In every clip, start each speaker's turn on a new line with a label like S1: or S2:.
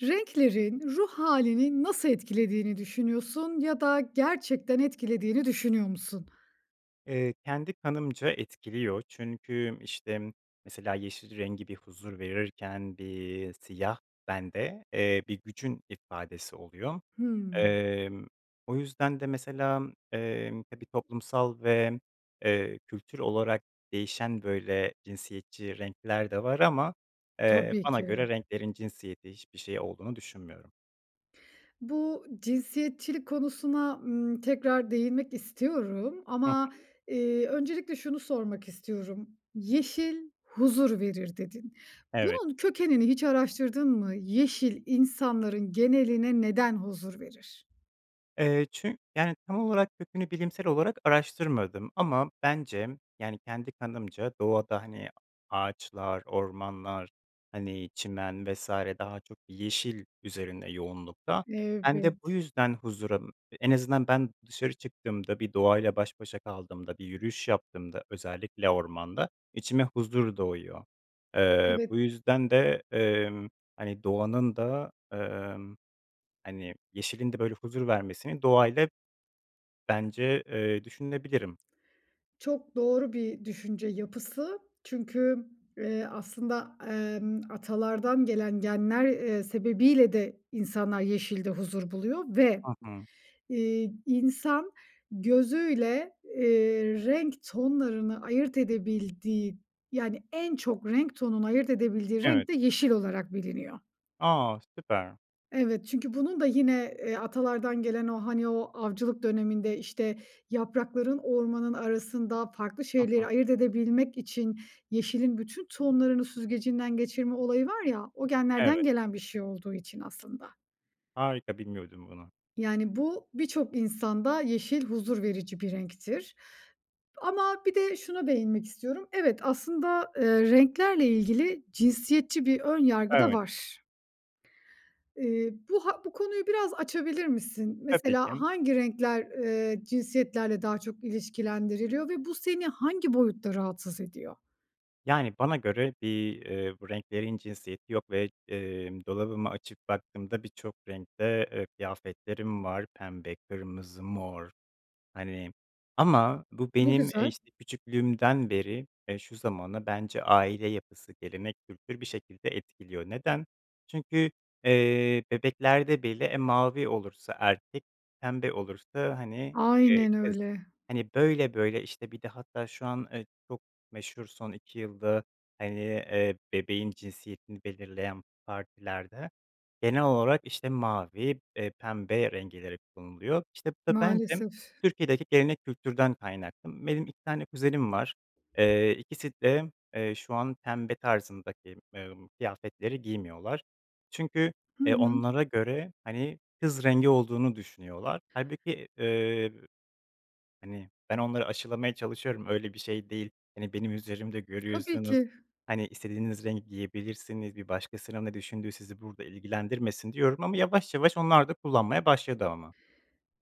S1: Renklerin ruh hâlini nasıl etkilediğini düşünüyorsun ya da gerçekten etkilediğini düşünüyor musun?
S2: Eee, kendi kanımca etkiliyor, çünkü, işte, mesela, yeşil rengi bir huzur verirken bir siyah bende, eee, bir gücün ifadesi oluyor.
S1: Hıı.
S2: Emm, o yüzden de, mesela, emm, tabii, toplumsal ve, eee, kültür olarak değişen, böyle, cinsiyetçi renkler de var ama, eee,
S1: Tabii
S2: bana göre
S1: ki.
S2: renklerin cinsiyeti, hiçbir şeyi olduğunu düşünmüyorum.
S1: Bu cinsiyetçilik konusuna, ımm, tekrar değinmek istiyorum
S2: Hıh.
S1: ama, eee, öncelikle şunu sormak istiyorum. "Yeşil huzur verir." dedin.
S2: Evet.
S1: Bunun kökenini hiç araştırdın mı? Yeşil insanların geneline neden huzur verir?
S2: Eee, çü yani, tam olarak kökünü bilimsel olarak araştırmadım ama bence, yani kendi kanımca, doğada, hani, ağaçlar, ormanlar, hani, çimen vs. daha çok yeşil üzerinde yoğunlukta. Ben de bu
S1: Evet.
S2: yüzden huzura En azından ben dışarı çıktığımda, bir doğayla baş başa kaldığımda, bir yürüyüş yaptığımda, özellikle ormanda içime huzur doğuyor. Eee,
S1: Evet.
S2: bu yüzden de, emm, hani, doğanın da, emm, hani, yeşilin de böyle huzur vermesini doğayla bence, eee, düşünebilirim.
S1: Çok doğru bir düşünce yapısı çünkü, eee, aslında, emm, atalardan gelen genler, eee, sebebiyle de insanlar yeşilde huzur buluyor ve,
S2: Hı hı.
S1: iii, insan gözüyle, eee, renk tonlarını ayırt edebildiği, yani, en çok renk tonunu ayırt edebildiği renk
S2: Evet.
S1: de yeşil olarak biliniyor.
S2: A, süper.
S1: Evet, çünkü bunun da yine, eee, atalardan gelen o, hani, o avcılık döneminde, işte, yaprakların ormanın arasında farklı
S2: Hı
S1: şeyleri
S2: hı.
S1: ayırt edebilmek için yeşilin bütün tohumlarını süzgecinden geçirme olayı var ya, o genlerden
S2: Evet.
S1: gelen bir şey olduğu için aslında.
S2: Harika, bilmiyordum bunu.
S1: Yani bu, birçok insanda yeşil huzur verici bir renktir ama bir de şuna değinmek istiyorum. Evet aslında, eee, renklerle ilgili cinsiyetçi bir ön yargı da
S2: Evet.
S1: var. Eee, bu ha bu konuyu biraz açabilir misin?
S2: Tabii
S1: Mesela,
S2: ki.
S1: hangi renkler, eee, cinsiyetlerle daha çok ilişkilendiriliyor ve bu seni hangi boyutta rahatsız ediyor?
S2: Yani, bana göre bir, eee, bu renklerin cinsiyeti yok ve, eee, dolabımı açıp baktığımda birçok renkte, eee, kıyafetlerim var. Pembe, kırmızı, mor, hani, ama bu
S1: Ne
S2: benim, eee,
S1: güzel.
S2: işte, küçüklüğümden beri, eee, şu zamana bence aile yapısı, gelenek, kültür, bir şekilde etkiliyor. Neden? Çünkü, eee, bebeklerde bile, e, mavi olursa erkek, pembe olursa, hani, eee,
S1: Aynen
S2: kız.
S1: öyle.
S2: Hani, böyle böyle, işte, bir de hatta şu an, eee, çok meşhur son 2 yılda, hani, eee, bebeğin cinsiyetini belirleyen partilerde genel olarak, işte, mavi, eee, pembe renkleri kullanılıyor. İşte, bu da bence
S1: Maalesef.
S2: Türkiye'deki gelenek kültürden kaynaklı. Benim 2 tane kuzenim var, eee, ikisi de, eee, şu an pembe tarzındaki, eee, kıyafetleri giymiyorlar. Çünkü,
S1: Hı
S2: eee,
S1: hı.
S2: onlara göre, hani, kız rengi olduğunu düşünüyorlar. Hâlbuki, eee, hani, ben onları aşılamaya çalışıyorum, öyle bir şey değil, hani, benim üzerimde
S1: Tabii
S2: görüyorsunuz,
S1: ki.
S2: hani, istediğiniz rengi giyebilirsiniz. Bir başkasının ne düşündüğü sizi burada ilgilendirmesin, diyorum ama yavaş yavaş onlar da kullanmaya başladı ama.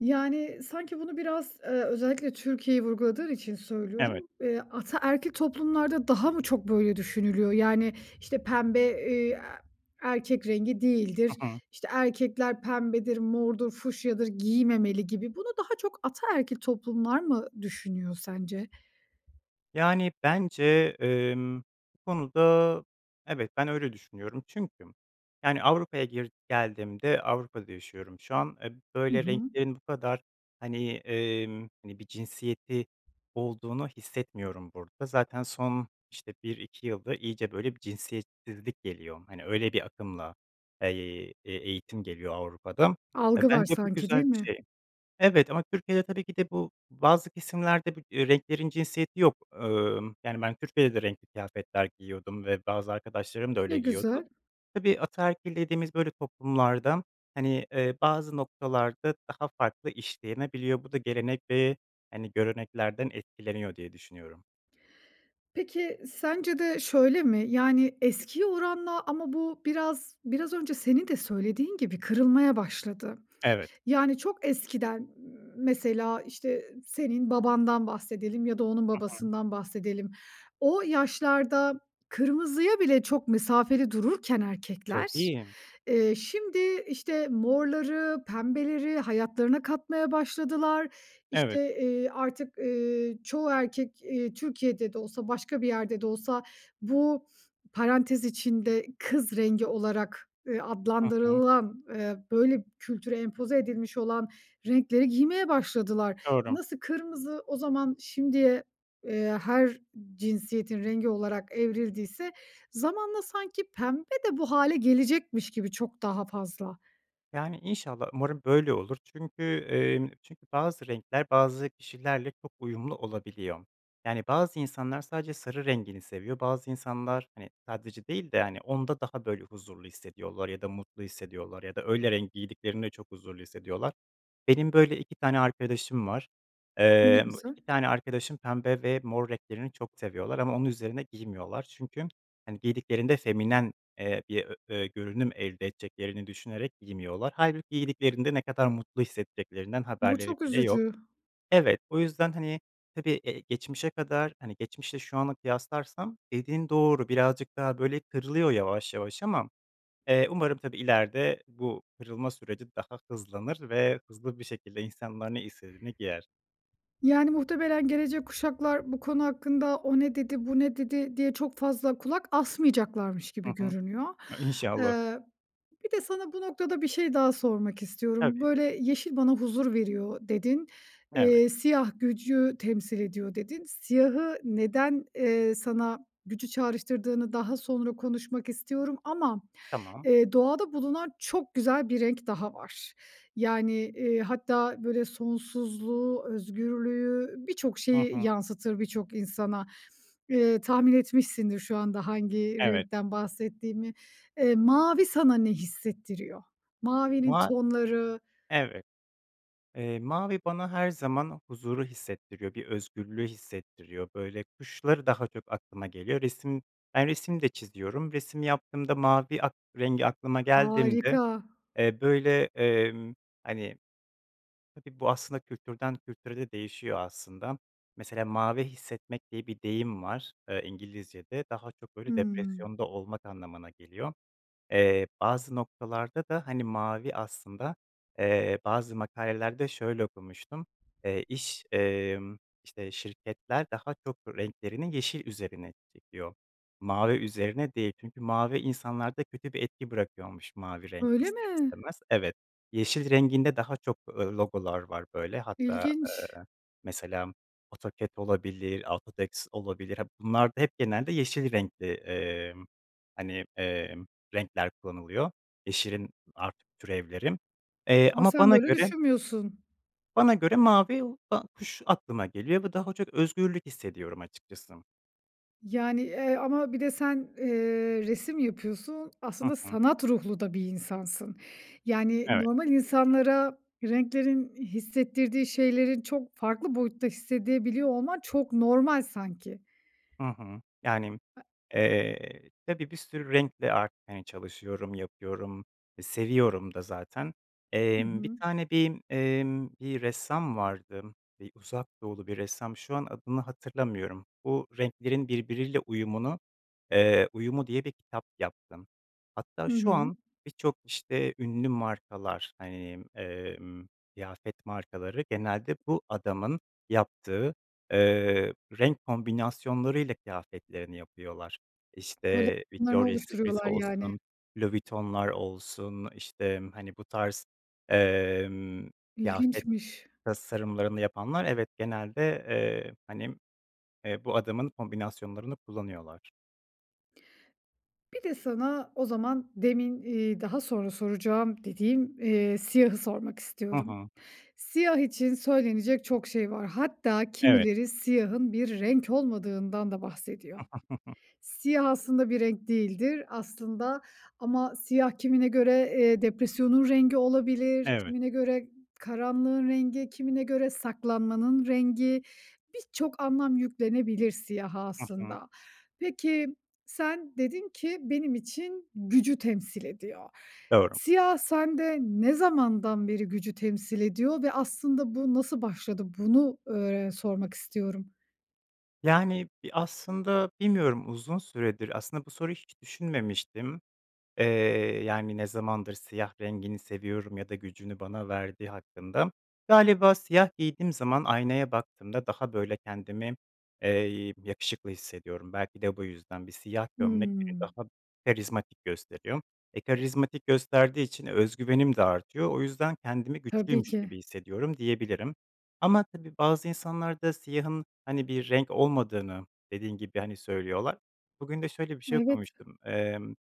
S1: Yani, sanki bunu biraz, eee, özellikle Türkiye'yi vurguladığın için
S2: Evet.
S1: söylüyorum, eee, ataerkil toplumlarda daha mı çok böyle düşünülüyor, yani, işte, pembe, eee, erkek rengi değildir.
S2: Hı hı.
S1: İşte, erkekler pembedir, mordur, fuşyadır; giymemeli gibi bunu daha çok ataerkil toplumlar mı düşünüyor sence?
S2: Yani, bence, emm, bu konuda, evet, ben öyle düşünüyorum çünkü, yani, Avrupa'ya, gir geldiğimde Avrupa'da yaşıyorum şu an, e,
S1: Hı
S2: böyle
S1: hı.
S2: renklerin bu kadar, hani, emm, hani, bir cinsiyeti olduğunu hissetmiyorum burada, zaten son, işte, 1-2 yılda iyice, böyle, bir cinsiyetsizlik geliyor, hani, öyle bir akımla, eee, e eğitim geliyor Avrupa'da. E,
S1: Algı var
S2: bence bu
S1: sanki,
S2: güzel
S1: değil
S2: bir şey.
S1: mi?
S2: Evet ama Türkiye'de tabii ki de bu bazı kesimlerde, bu renklerin cinsiyeti yok. Emm, yani, ben Türkiye'de de renkli kıyafetler giyiniyordum ve bazı arkadaşlarım da
S1: Ne
S2: öyle giyiniyordu.
S1: güzel.
S2: Tabii, ataerkil dediğimiz böyle toplumlarda, hani, eee, bazı noktalarda daha farklı işlenebiliyor, bu da gelenek ve, hani, göreneklerden etkileniyor diye düşünüyorum.
S1: Peki, sence de şöyle mi? Yani eskiye oranla ama bu biraz biraz önce senin de söylediğin gibi kırılmaya başladı.
S2: Evet.
S1: Yani çok eskiden, mesela işte senin babandan bahsedelim ya da onun
S2: Hı hı.
S1: babasından bahsedelim. O yaşlarda kırmızıya bile çok mesafeli dururken erkekler,
S2: Tabii.
S1: eee, şimdi, işte, morları, pembeleri hayatlarına katmaya başladılar.
S2: Evet.
S1: İşte, eee, artık, eee, çoğu erkek, eee, Türkiye'de de olsa başka bir yerde de olsa bu parantez içinde kız rengi olarak, eee,
S2: Hı hı.
S1: adlandırılan, eee, böyle, kültüre empoze edilmiş olan renkleri giymeye başladılar.
S2: Doğru.
S1: Nasıl kırmızı o zaman şimdiye, eee, her cinsiyetin rengi olarak evrildiyse zamanla sanki pembe de bu hâle gelecekmiş gibi çok daha fazla.
S2: Yani, inşallah umarım böyle olur çünkü, eee, çünkü bazı renkler bazı kişilerle çok uyumlu olabiliyor. Yani, bazı insanlar sadece sarı rengini seviyor, bazı insanlar, hani, sadece değil de hani onda daha böyle huzurlu hissediyorlar ya da mutlu hissediyorlar ya da öyle renk giydiklerinde çok huzurlu hissediyorlar. Benim, böyle, 2 tane arkadaşım var,
S1: Ne
S2: eee, bu
S1: güzel.
S2: 2 tane arkadaşım pembe ve mor renklerini çok seviyorlar ama onu üzerine giymiyorlar. Çünkü, hani, giydiklerinde feminen, eee, bir ö ö görünüm elde edeceklerini düşünerek giymiyorlar. Hâlbuki giydiklerinde ne kadar mutlu hissedeceklerinden
S1: Bu
S2: haberleri
S1: çok
S2: bile yok.
S1: üzücü.
S2: Evet, o yüzden, hani, tabii, eee, geçmişe kadar, hani, geçmişle şu anı kıyaslarsam dediğin doğru birazcık daha, böyle, kırılıyor yavaş yavaş ama, eee, umarım tabii, ileride bu kırılma süreci daha hızlanır ve hızlı bir şekilde insanlar ne istediğini giyer.
S1: Yani, muhtemelen gelecek kuşaklar bu konu hakkında "O ne dedi, bu ne dedi?" diye çok fazla kulak asmayacaklarmış
S2: Hı
S1: gibi
S2: hı.
S1: görünüyor.
S2: I İnşallah.
S1: Eee, bir de sana bu noktada bir şey daha sormak istiyorum.
S2: Tabii.
S1: Böyle, "Yeşil bana huzur veriyor." dedin.
S2: Evet.
S1: Eee, "Siyah gücü temsil ediyor." dedin. Siyahı neden, eee, sana gücü çağrıştırdığını daha sonra konuşmak istiyorum ama,
S2: Tamam.
S1: eee, doğada bulunan çok güzel bir renk daha var, yani, eee, hatta böyle sonsuzluğu, özgürlüğü, birçok
S2: Hı
S1: şeyi
S2: hı.
S1: yansıtır birçok insana. Eee, tahmin etmişsindir şu anda hangi
S2: Evet.
S1: renkten bahsettiğimi. Eee, mavi sana ne hissettiriyor? Mavinin
S2: Ma
S1: tonları
S2: Evet. Eee, mavi bana her zaman huzuru hissettiriyor, bir özgürlüğü hissettiriyor, böyle, kuşları daha çok aklıma geliyor. Resim ben resim de çiziyorum, resim yaptığımda mavi ak rengi aklıma geldiğimde,
S1: Harika.
S2: eee, böyle, eee, hani, tabii, bu aslında kültürden kültüre de değişiyor aslında. Mesela mavi hissetmek diye bir deyim var, eee, İngilizcede, daha çok böyle
S1: Hımm.
S2: depresyonda olmak anlamına geliyor. Eee, bazı noktalarda da, hani, mavi aslında, eee, bazı makalelerde şöyle okumuştum, eee, iş, eee, işte, şirketler daha çok renklerini yeşil üzerine çekiyor. Mavi üzerine değil çünkü mavi insanlarda kötü bir etki bırakıyormuş mavi renk,
S1: Öyle
S2: ister
S1: mi?
S2: istemez. Evet, yeşil renginde daha çok, eee, logolar var böyle, hatta,
S1: İlginç.
S2: eee, mesela AutoCAD olabilir, AutoText olabilir, ha, bunlarda hep genelde yeşil renkli, eee, hani, eee, renkler kullanılıyor, yeşilin artık türevleri. Eee,
S1: Ama
S2: ama
S1: sen
S2: bana
S1: böyle
S2: göre
S1: düşünmüyorsun.
S2: bana göre mavi [unintelligible] kuş aklıma geliyor ve daha çok özgürlük hissediyorum açıkçası.
S1: Yani, eee, ama bir de sen, eee, resim yapıyorsun,
S2: Hı
S1: aslında
S2: hı.
S1: sanat ruhlu da bir insansın. Yani,
S2: Evet.
S1: normal insanlara renklerin hissettirdiği şeylerin çok farklı boyutta hissedebiliyor olman çok normal sanki.
S2: Hı hı. Yani,
S1: [unintelligible]
S2: eee, tabii, bir sürü renkle art hani çalışıyorum, yapıyorum; e, seviyorum da zaten.
S1: Hı
S2: Emm, bir
S1: hı.
S2: tane bir, emm, bir ressam vardı, bir Uzak Doğulu bir ressam, şu an adını hatırlamıyorum. Bu renklerin birbiriyle uyumunu, eee, uyumu diye bir kitap yaptı. Hatta
S1: Hı
S2: şu
S1: hı.
S2: an birçok işte ünlü markalar, hani, emm, kıyafet markaları genelde bu adamın yaptığı, eee, renk kombinasyonlarıyla kıyafetlerini yapıyorlar. İşte,
S1: Koleksiyonlarını
S2: Victoria Secret
S1: oluşturuyorlar yani.
S2: olsun, Louis Vuitton'lar olsun, işte, hani, bu tarz, emm, kıyafet
S1: İlginçmiş.
S2: tasarımlarını yapanlar, evet, genelde, eee, hani, eee, bu adamın kombinasyonlarını kullanıyorlar.
S1: Bir de sana o zaman demin, iii, daha sonra soracağım dediğim, eee, siyahı sormak
S2: Hı
S1: istiyorum.
S2: hı.
S1: Siyah için söylenecek çok şey var, hatta
S2: Evet.
S1: kimileri siyahın bir renk olmadığından da bahsediyor. Siyah aslında bir renk değildir. Aslında ama siyah kimine göre, eee, depresyonun rengi olabilir,
S2: Evet.
S1: kimine göre karanlığın rengi, kimine göre saklanmanın rengi, birçok anlam yüklenebilir siyaha
S2: Hı hı.
S1: aslında. Peki, sen dedin ki, “Benim için gücü temsil ediyor.“
S2: Doğru.
S1: Siyah sende ne zamandan beri gücü temsil ediyor ve aslında bu nasıl başladı? Bunu, ııı, öğ sormak istiyorum.
S2: Yani, bi aslında bilmiyorum, uzun süredir, aslında bu soruyu hiç düşünmemiştim, eee, yani, ne zamandır siyah rengini seviyorum ya da gücünü bana verdiği hakkında. Galiba siyah giydiğim zaman aynaya baktığımda daha, böyle, kendimi, eee, yakışıklı hissediyorum, belki de bu yüzden bir siyah gömlek beni
S1: Hıı.
S2: daha karizmatik gösteriyor. E, karizmatik gösterdiği için öz güvenim de artıyor, o yüzden kendimi
S1: Tabii
S2: güçlüymüş
S1: ki.
S2: gibi hissediyorum, diyebilirim. Ama tabii bazı insanlar da siyahın, hani, bir renk olmadığını, dediğin gibi, hani, söylüyorlar. Bugün de şöyle bir şey
S1: Evet.
S2: okumuştum, emm,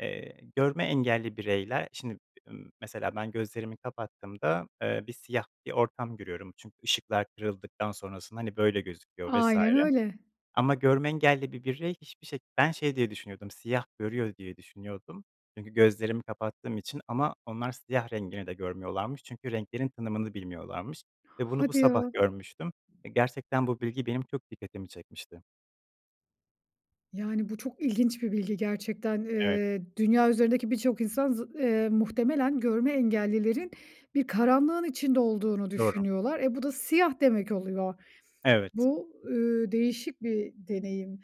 S2: eee, görme engelli bireyler, şimdi b ımm, mesela ben gözlerimi kapattığımda, eee, bir siyah bir ortam görüyorum çünkü ışıklar kırıldıktan sonrasında, hani, böyle gözüküyor vs.
S1: Aynen öyle.
S2: Ama görme engelli bir birey hiçbir şe ben şey diye düşünüyordum, siyah görüyor diye düşünüyordum çünkü gözlerimi kapattığım için ama onlar siyah rengini de görmüyorlarmış çünkü renklerin tanımını bilmiyorlarmış ve bunu bu
S1: Hadi
S2: sabah
S1: ya.
S2: görmüştüm ve gerçekten bu bilgi benim çok dikkatimi çekmişti.
S1: Yani bu çok ilginç bir bilgi gerçekten.
S2: Evet.
S1: Eee, dünya üzerindeki birçok insan zı eee, muhtemelen görme engellilerin bir karanlığın içinde olduğunu
S2: Doğru.
S1: düşünüyorlar. Eee, bu da siyah demek oluyor.
S2: Evet.
S1: Bu, ııı, değişik bir deneyim.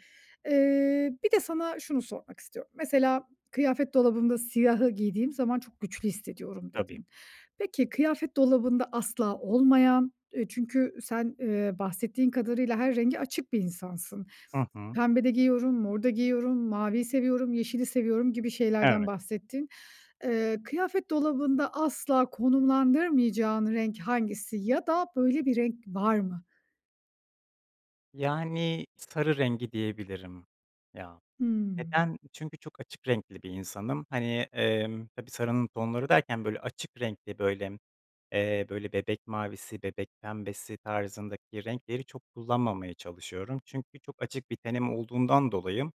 S1: Eee, bir de sana şunu sormak istiyorum. Mesela kıyafet dolabımda siyahı giydiğim zaman çok güçlü hissediyorum
S2: Tabii.
S1: dedin. Peki, kıyafet dolabında asla olmayan, eee, çünkü sen, eee, bahsettiğin kadarıyla her renge açık bir insansın.
S2: Hı hı.
S1: Pembe de giyiyorum, mor da giyiyorum, maviyi seviyorum, yeşili seviyorum gibi şeylerden
S2: Evet.
S1: bahsettin. Eee, kıyafet dolabında asla konumlandırmayacağın renk hangisi ya da böyle bir renk var mı?
S2: Yani sarı rengi diyebilirim, ya.
S1: Hımm.
S2: Neden? Çünkü çok açık renkli bir insanım. Hani, emm, tabii, sarının tonları derken böyle açık renkli, böyle, eee, böyle, bebek mavisi, bebek pembesi tarzındaki renkleri çok kullanmamaya çalışıyorum. Çünkü çok açık bir tenim olduğundan dolayı,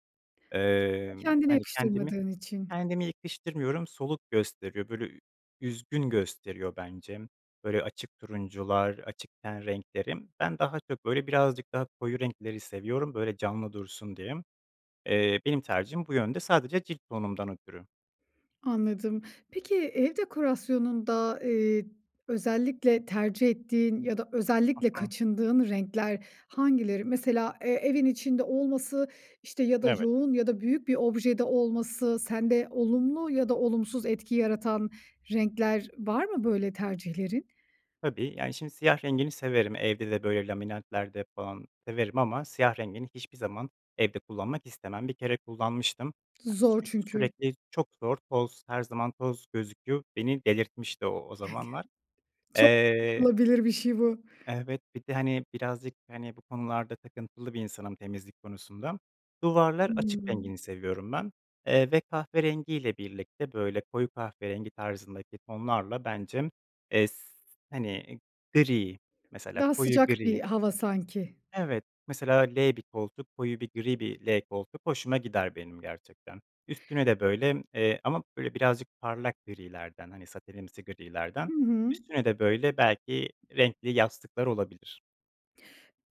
S2: eee,
S1: Sen kendine
S2: hani, kendimi
S1: yakıştırmadığın için.
S2: kendime yakıştırmıyorum, soluk gösteriyor, böyle, ü üzgün gösteriyor bence. Böyle açık turuncular, açık ten renkleri. Ben daha çok böyle birazcık daha koyu renkleri seviyorum, böyle canlı dursun diye. Eee, benim tercihim bu yönde, sadece cilt tonumdan ötürü.
S1: Anladım. Peki, ev dekorasyonunda, eee, özellikle tercih ettiğin ya da
S2: Hı
S1: özellikle
S2: hı.
S1: kaçındığın renkler hangileri? Mesela, eee, evin içinde olması işte ya da
S2: Evet.
S1: yoğun ya da büyük bir objede olması sende olumlu ya da olumsuz etki yaratan renkler var mı böyle tercihlerin?
S2: Tabii. Yani, şimdi, siyah rengini severim evde de, böyle, laminantlarda falan severim ama siyah rengini hiçbir zaman evde kullanmak istemem. Bir kere kullanmıştım. Ya,
S1: Zor
S2: çünkü
S1: çünkü.
S2: sürekli çok zor, toz her zaman toz gözüküyor. Beni delirtmişti o o zamanlar.
S1: [unintelligible] Çok
S2: Eee
S1: anlaşılabilir bir şey bu.
S2: Evet, bir de, hani, birazcık, hani, bu konularda takıntılı bir insanım, temizlik konusunda. Duvarlar açık
S1: Hımm.
S2: rengini seviyorum ben, eee, ve kahverengiyle birlikte, böyle, koyu kahverengi tarzındaki tonlarla bence, eee, s hani, gri, mesela
S1: Daha
S2: koyu
S1: sıcak bir
S2: gri.
S1: hava sanki.
S2: Evet, mesela L bir koltuk, koyu bir gri bir L koltuk hoşuma gider benim gerçekten. Üstüne de, böyle, eee, ama, böyle, birazcık parlak grilerden, hani, satenimsi
S1: Hı
S2: grilerden.
S1: hı.
S2: Üstüne de, böyle, belki renkli yastıklar olabilir.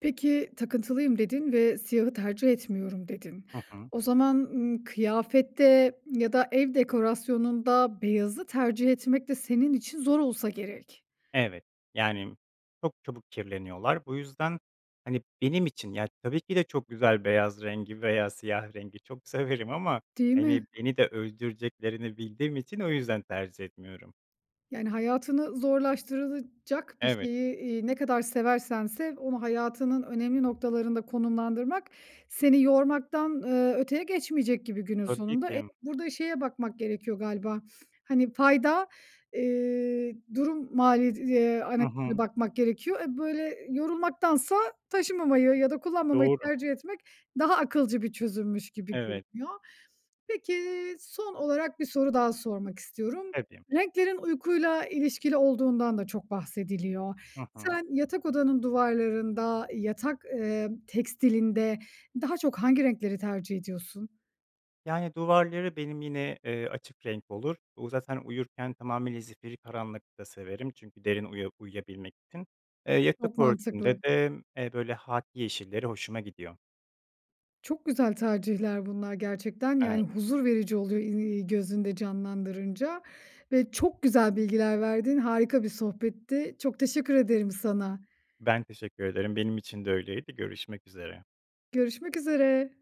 S1: Peki, takıntılıyım dedin ve siyahı tercih etmiyorum dedin.
S2: Hı hı.
S1: O zaman, ımm, kıyafette ya da ev dekorasyonunda beyazı tercih etmek de senin için zor olsa gerek.
S2: Evet, yani çok çabuk kirleniyorlar. Bu yüzden, hani, benim için, ya, tabii ki de çok güzel beyaz rengi veya siyah rengi çok severim ama,
S1: Değil
S2: hani,
S1: mi?
S2: beni de öldüreceklerini bildiğim için o yüzden tercih etmiyorum.
S1: Yani, hayatını zorlaştırılacak bir
S2: Evet.
S1: şeyi, eee, ne kadar seversen sev onu hayatının önemli noktalarında konumlandırmak, seni yormaktan, eee, öteye geçmeyecek gibi günün
S2: Tabii
S1: sonunda. E,
S2: ki.
S1: burada şeye bakmak gerekiyor galiba. Hani, fayda, eee, durum maliyet eee,
S2: Hı
S1: analizine
S2: hı.
S1: bakmak gerekiyor. E, böyle, yorulmaktansa taşımamayı ya da kullanmamayı
S2: Doğru.
S1: tercih etmek, daha akılcı bir çözümmüş gibi
S2: Evet.
S1: görünüyor. Peki, son olarak 1 soru daha sormak istiyorum.
S2: Tabii.
S1: Renklerin uykuyla ilişkili olduğundan da çok bahsediliyor.
S2: Hı hı.
S1: Sen yatak odanın duvarlarında, yatak, emm, tekstilinde daha çok hangi renkleri tercih ediyorsun?
S2: Yani, duvarları benim yine, eee, açık renk olur. U zaten uyurken tamamıyla zifiri karanlıkta severim çünkü derin uya uyuyabilmek için. Eee, yatak
S1: Çok mantıklı.
S2: örtümde de, eee, böyle, hâkî yeşilleri hoşuma gidiyor.
S1: Çok güzel tercihler bunlar gerçekten. Yani,
S2: Evet.
S1: huzur verici oluyor, i iii, gözünde canlandırınca ve çok güzel bilgiler verdin, harika bir sohbetti. Çok teşekkür ederim sana.
S2: Ben teşekkür ederim, benim için de öyleydi, görüşmek üzere.
S1: Görüşmek üzere.